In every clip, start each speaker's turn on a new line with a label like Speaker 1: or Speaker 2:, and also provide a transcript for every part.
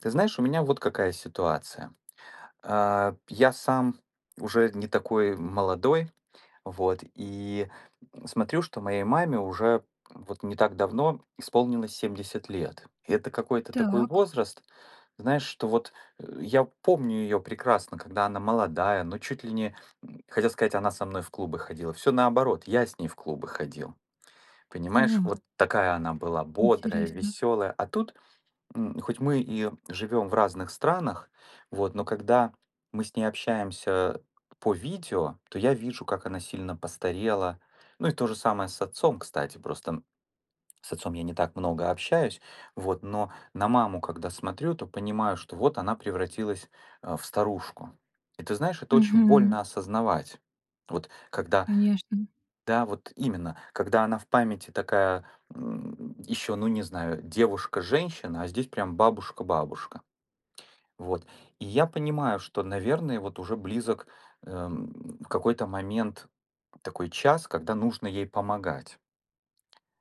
Speaker 1: Ты знаешь, у меня вот какая ситуация: а, п я сам уже не такой, м, молодой, вот. И смотрю, что моей маме уже вот не так давно исполнилось 70 лет. И это какой-то такой
Speaker 2: Так.
Speaker 1: возраст, знаешь, что вот, э, я помню ее прекрасно, когда она молодая, ну чуть ли не, м, хотел сказать, она со мной в клубы ходила. Всё наоборот- я с ней в клубы ходил. Понимаешь,
Speaker 2: М,
Speaker 1: вот
Speaker 2: а.
Speaker 1: такая она была бодрая,
Speaker 2: Интересно.
Speaker 1: веселая. А тут, м, хоть мы и живем в разных странах, вот, но когда мы с ней общаемся по видео, то я вижу, как она сильно постарела. Ну, и то же самое с отцом, кстати, просто, м, с отцом я не так много общаюсь, вот. Но на маму когда смотрю, то понимаю, что вот она превратилась, а, в старушку. И ты знаешь, это очень
Speaker 2: Мгм.
Speaker 1: больно осознавать. Вот, когда
Speaker 2: Конечно.
Speaker 1: Да, вот именно, когда она в памяти такая, м, еще, ну, не знаю, девушка-женщина. А здесь прям бабушка-бабушка. Вот, и я понимаю, что, наверное, вот уже близок, а, м, в какой-то момент такой час, когда нужно ей помогать.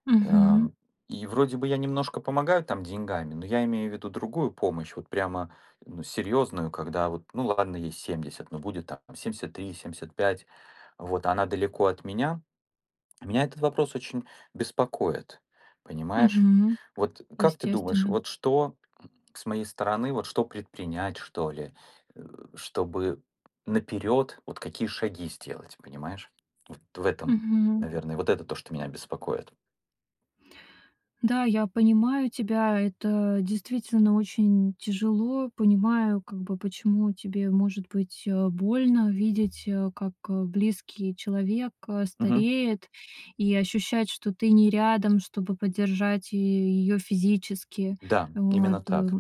Speaker 2: Мгм.
Speaker 1: Ам, и вроде бы я немножко помогаю там деньгами, но я имею в виду другую помощь, вот прямо, ну, серьезную. Когда вот, ну, ладно, ей 70, но будет там 73, 75. Вот, а она далеко от меня. Меня этот вопрос очень беспокоит, понимаешь?
Speaker 2: Мгм.
Speaker 1: Вот как ты думаешь,
Speaker 2: Естественно.
Speaker 1: вот что, м, с моей стороны, вот что предпринять, что ли? Э, чтобы наперёд, вот какие шаги сделать? Понимаешь? Вот в этом,
Speaker 2: Мгм.
Speaker 1: наверное. Вот это то, что меня беспокоит.
Speaker 2: Да, я понимаю тебя. Это действительно очень тяжело. Понимаю, как бы, почему тебе может быть, э, больно видеть, э, как близкий человек
Speaker 1: Мгм.
Speaker 2: стареет и ощущать, что ты не рядом, чтобы поддержать и ее физически.
Speaker 1: Да,
Speaker 2: Вот,
Speaker 1: именно
Speaker 2: э.
Speaker 1: так.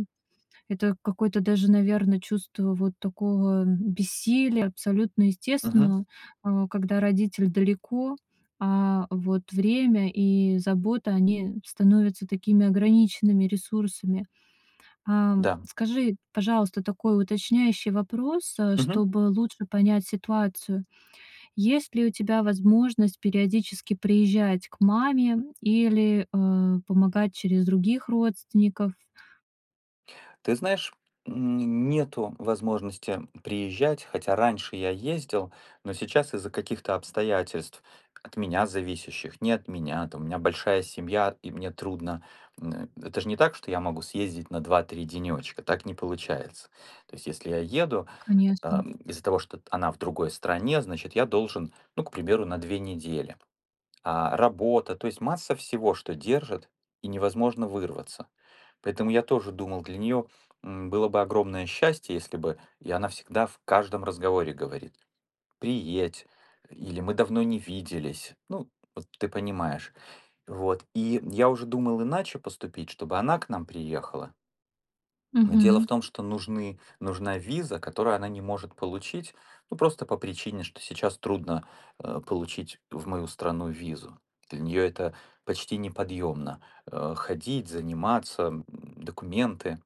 Speaker 2: Это какое-то даже, наверно, чувство вот такого, м, бессилия- абсолютно
Speaker 1: Мгм.
Speaker 2: естественно, а, когда родитель далеко. А, вот время и забота- они становятся такими ограниченными ресурсами. A,
Speaker 1: Да.
Speaker 2: скажи, пожалуйста, такой уточняющий вопрос, э,
Speaker 1: Мгм.
Speaker 2: чтобы лучше понять ситуацию. Есть ли у тебя возможность периодически приезжать к маме или, э, помогать через других родственников?
Speaker 1: Ты знаешь, м, н нету возможности приезжать, хотя раньше я ездил. Но сейчас из-за каких-то обстоятельств, от меня зависящих, не от меня там, у меня большая семья, и мне трудно. М, это ж не так, что я могу съездить на 2-3 денёчка, так не получается. То есть если я еду, а,
Speaker 2: Конечно.
Speaker 1: из-за того, что т она в другой стране, значит, я должен, ну, к примеру, на 2 недели. А работа, то есть масса всего, что держит, и невозможно вырваться. Поэтому я тоже думал, для неё, м, было бы огромное счастье, если бы И она всегда в каждом разговоре говорит: "Приедь" или "Мы давно не виделись". Ну, вот ты понимаешь. Вот, и я уже думал иначе поступить, чтобы она к нам приехала. Но дело в
Speaker 2: Мгм.
Speaker 1: том, что нужны нужна виза, которую она не может получить. Ну, просто по причине, что сейчас трудно, э, получить в мою страну визу. Для неё это почти неподъемно, э, ходить заниматься, м, документы,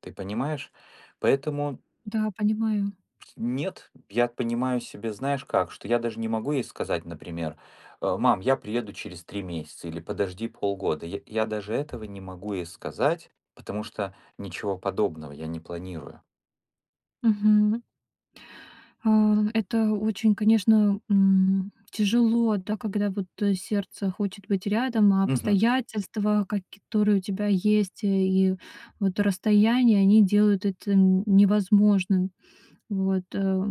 Speaker 1: ты понимаешь. Поэтому
Speaker 2: Да, понимаю.
Speaker 1: Нет, я понимаю себе, знаешь, как? Что я даже не могу ей сказать, например, э: "Мам, я приеду через 3 месяца!" или "Подожди полгода". Я я даже этого не могу ей сказать, потому что ничего подобного я не планирую.
Speaker 2: Мгм. А, это очень, конечно, м, тяжело, да, когда вот, э, сердце хочет быть рядом, а
Speaker 1: Мгм.
Speaker 2: обстоятельства, каки которые у тебя есть и вот расстояние, они делают это н невозможным. Вот, а,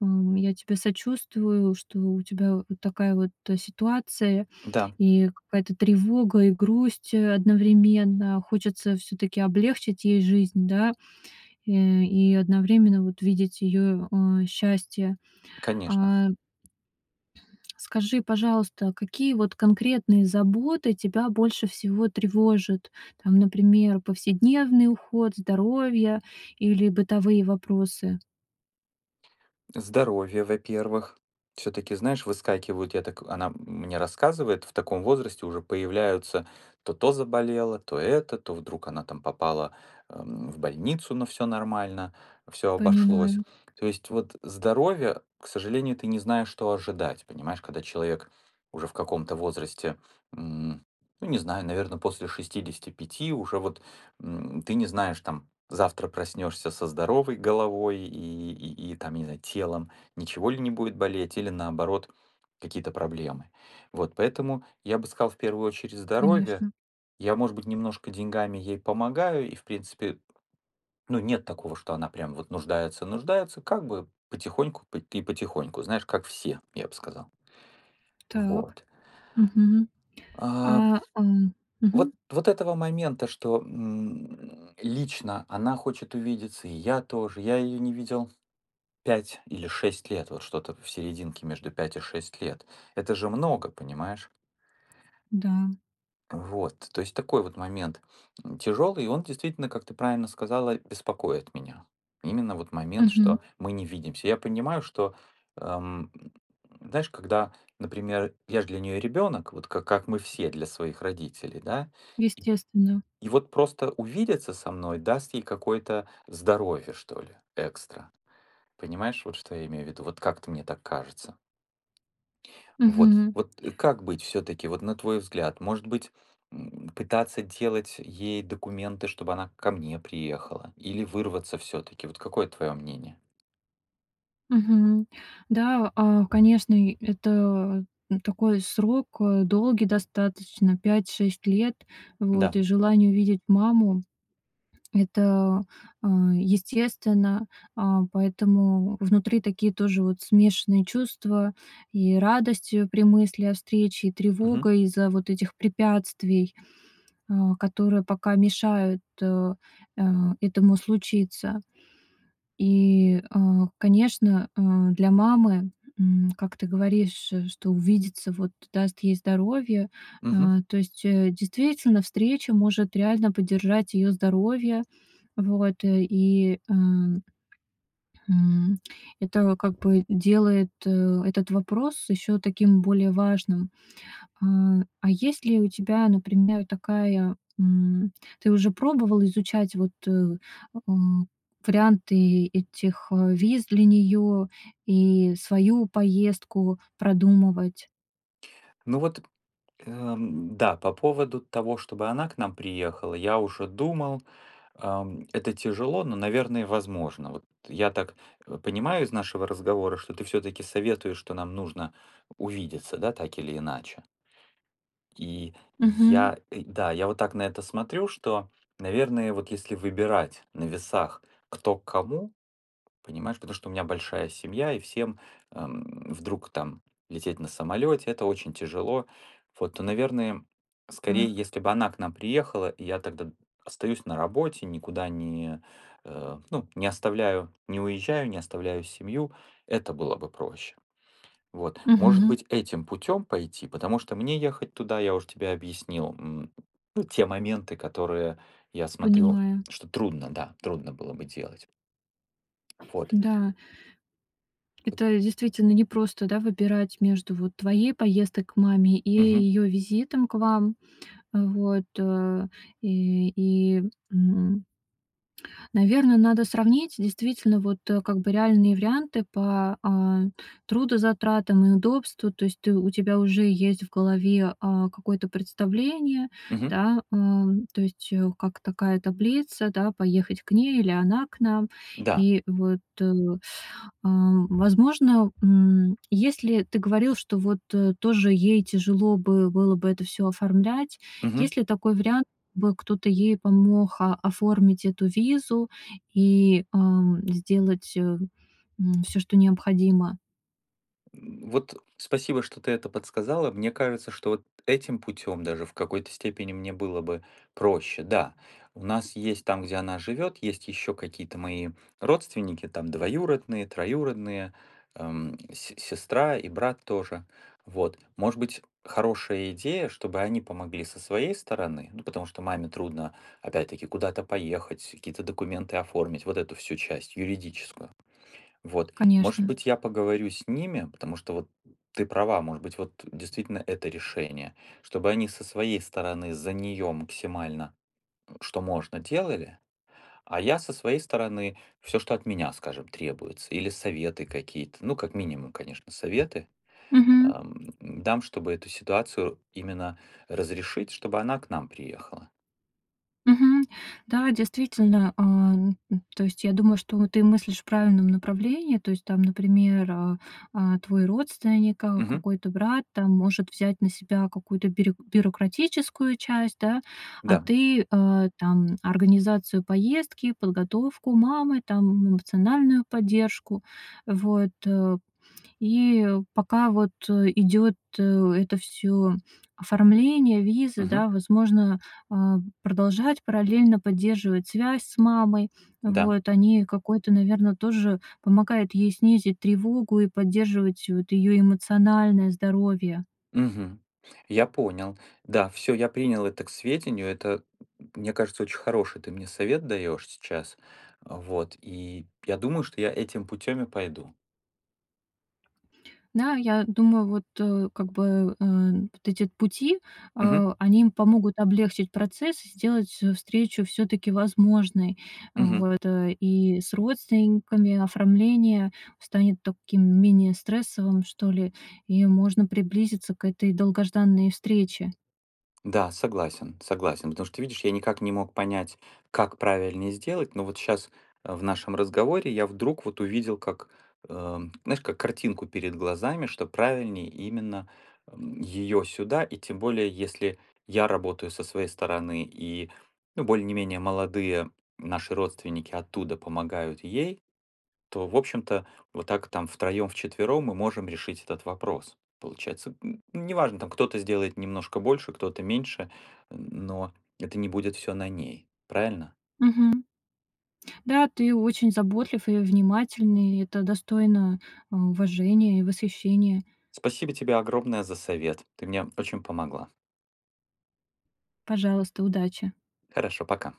Speaker 2: ам, я тебе сочувствую, что у тебя такая вот ситуация
Speaker 1: Да.
Speaker 2: и какая-то тревога, и грусть одновременно. Хочется всё-таки облегчить ей жизнь, да, э, и одновременно вот видеть ее, а, счастье,
Speaker 1: Конечно.
Speaker 2: а. Скажи, пожалуйста, какие вот конкретные заботы тебя больше всего тревожат, там, например, повседневный уход, здоровье или бытовые вопросы.
Speaker 1: Здоровье, во-первых. Всё-таки знаешь выскакивают я так она мне рассказывает, в таком возрасте уже появляются, то то заболело, то это, то вдруг она там попала, м, в больницу, но всё нормально, всё обошлось.
Speaker 2: Понимаю.
Speaker 1: То есть вот здоровье, к сожалению ты не знаешь что ожидать, понимаешь, когда человек уже в каком-то возрасте, м, ну, не знаю, наверно, после 65 уже вот, м, ты не знаешь, там, завтра проснешься со здоровой головой и и и, там, не знаю, телом, ничего ли не будет болеть или наоборот какие-то проблемы. Вот. Поэтому я бы сказал в первую очередь здоровье.
Speaker 2: Конечно.
Speaker 1: Я, может быть, немножко деньгами ей помогаю и в принципе, ну, нет такого, что она прям вот нуждается-нуждается как бы потихоньку по и потихоньку, знаешь, как все я бы сказал.
Speaker 2: Так,
Speaker 1: Вот.
Speaker 2: мгм,
Speaker 1: А.
Speaker 2: а, м, мгм.
Speaker 1: Вот вот этого момента что, м, лично она хочет увидеться, и я тоже. Я ее не видел 5 или 6 лет. Вот что-то в серединке между 5 и 6 лет. Это же много, понимаешь?
Speaker 2: Да.
Speaker 1: Вот, то есть такой вот момент, м, тяжелый. И он действительно, как ты правильно сказала, беспокоит меня. Именно вот момент,
Speaker 2: Мгм.
Speaker 1: что мы не видимся. Я понимаю, что, эм, знаешь, когда, например, я ж для нее ребенок, вот как как мы все для своих родителей, да. И
Speaker 2: Естественно.
Speaker 1: и вот просто увидеться со мной даст ей какое-то здоровье что ли экстра, понимаешь, вот что я имею в виду, вот как-то мне так кажется. Вот
Speaker 2: Мгм.
Speaker 1: вот и как быть всё-таки вот на твой взгляд может быть, м, пытаться делать ей документы, чтобы она ко мне приехала или вырваться всё-таки, вот какое твое мнение?
Speaker 2: Мгм. Да, а, конечно, и это, м, такой срок, а, долгий достаточно, 5-6 лет, вот,
Speaker 1: Да.
Speaker 2: и желание увидеть маму, это, а, естественно, а. Поэтому внутри такие тоже вот смешанные чувства и радость, э, при мысли о встрече, и
Speaker 1: Мгм.
Speaker 2: тревога из-за вот этих препятствий, а, которые пока мешают, а, а, этому случиться. И, а, конечно, а, для мамы, м, как ты говоришь, что увидеться вот даст ей здоровье,
Speaker 1: Мгм.
Speaker 2: а. То есть, э, действительно, встреча может реально поддержать ее здоровье, вот, и, э, м, это как бы делает, э, этот вопрос еще таким более важным, а. А есть ли у тебя, например, такая, м ты уже пробовал изучать вот, э, м, варианты этих, э, виз для нее и свою поездку продумывать?
Speaker 1: Ну вот, эм, да, по поводу того, чтобы она к нам приехала, я уже думал, ам, это тяжело, но, наверное, возможно. Вот я так, э, понимаю из нашего разговора, что ты всё-таки советуешь, что нам нужно увидеться, да, так или иначе? И
Speaker 2: Мгм.
Speaker 1: я и да, я вот так на это смотрю, что, наверное, вот если выбирать на весах кто к кому. Понимаешь, потому что у меня большая семья и всем, м, вдруг там лететь на самолете- это очень тяжело вот. То, наверное, скорее,
Speaker 2: Так.
Speaker 1: если бы она к нам приехала, и я тогда д остаюсь на работе, никуда не, э, ну, не оставляю, не уезжаю, не оставляю семью. Это было бы проще. Вот, может
Speaker 2: Мгм.
Speaker 1: быть, этим путём пойти, потому что мне ехать туда- я уже тебе объяснил, м, ну, те моменты, которые я смотрю,
Speaker 2: Понимаю.
Speaker 1: что трудно, да, трудно было бы делать. Вот.
Speaker 2: Да. Это действительно непросто, да, выбирать между вот твоей поездкой к маме, и
Speaker 1: Мгм.
Speaker 2: её визитом к вам. Э, вот, и и м Наверно, надо сравнить действительно вот как бы реальные варианты по, а, трудозатратам и удобству. То есть ты у тебя уже есть в голове, а, какое-то представление,
Speaker 1: Мгм.
Speaker 2: да? Ам, то есть как такая таблица, да, поехать к ней, или она к нам.
Speaker 1: Да.
Speaker 2: И вот, ам, возможно, м, если ты говорил, что вот тоже ей тяжело бы было бы это всё оформлять.
Speaker 1: Мгм.
Speaker 2: Есть ли такой вариант- бы кто-то ей помог оформить эту визу и, ам, сделать, м, всё, что необходимо?
Speaker 1: М, вот спасибо, что ты это подсказала: мне кажется, что вот этим путем, даже в какой-то степени мне было бы проще. Да, у нас есть там, где она живет, есть еще какие-то мои родственники: там двоюродные, троюродные, ам, се сестра и брат тоже. Вот. Может быть, хорошая идея, чтобы они помогли со своей стороны, ну потому что маме трудно опять-таки куда-то поехать, какие-то документы оформить, вот эту всю часть, юридическую. Вот. Может
Speaker 2: Конечно.
Speaker 1: быть, я поговорю с ними, потому что вот ты права, может быть, вот действительно это решение, чтобы они со своей стороны за нее максимально, ну, что можно, делали, а я со своей стороны всё, что от меня, скажем, требуется. Или советы какие-то, ну, как минимум, конечно, советы
Speaker 2: Мгм.
Speaker 1: ам, дам, чтобы эту ситуацию именно разрешить, чтобы она к нам приехала.
Speaker 2: Мгм. Да, действительно, ам, м, то есть я думаю, что ты мыслишь в правильном направлении, то есть там, например, а, а, твой родственник, а,
Speaker 1: Мгм.
Speaker 2: какой-то брат, там может взять на себя какую-то бирю бюрократическую часть, да, а
Speaker 1: Да.
Speaker 2: ты, а, там организацию поездки, подготовку мамы, там эмоциональную поддержку, вот, э. И пока вот, э, идет, э, это всё оформление, виза,
Speaker 1: Мгм.
Speaker 2: да возможно, а, продолжать параллельно поддерживать связь с мамой,
Speaker 1: Да.
Speaker 2: вот. Они, какой-то, наверно, тоже помогают ей снизить тревогу, и поддерживать вот её эмоциональное здоровье.
Speaker 1: Мгм. Я понял. Да, всё, я принял это к сведению, это, мне кажется, очень хороший ты мне совет даешь сейчас. Вот, и я думаю что я этим путем и пойду.
Speaker 2: Да, я думаю вот, э, как бы, э, н вот эти пути,
Speaker 1: Мгм.
Speaker 2: а они им помогут облегчить процесс. Сделать, э, встречу всё-таки возможной, а,
Speaker 1: Мгм.
Speaker 2: вот, и с родственниками, оформление станет таким менее стрессовым что ли, и можно приблизиться к этой долгожданной встрече.
Speaker 1: Да, согласен, согласен. Потому что ты видишь, я никак не мог понять, как правильнее сделать, но вот щас, а, в нашем разговоре, я вдруг вот увидел, как, ам, знаешь, как картинку перед глазами, что правильней именно, м, её сюда. И тем более, если я работаю со своей стороны и, ну, более не менее молодые наши родственники оттуда помогают ей, то в общем-то вот так там втроем-вчетвером мы можем решить этот вопрос. Получается, м, неважно, там, кто-то сделает немножко больше, кто-то меньше, но это не будет всё на ней, правильно?
Speaker 2: Мгм. Да, ты очень заботлив и внимательный, это достойно, а, уважения и восхищения.
Speaker 1: Спасибо тебе огромное за совет, ты мне очень помогла!
Speaker 2: Пожалуйста, удачи.
Speaker 1: Хорошо, пока!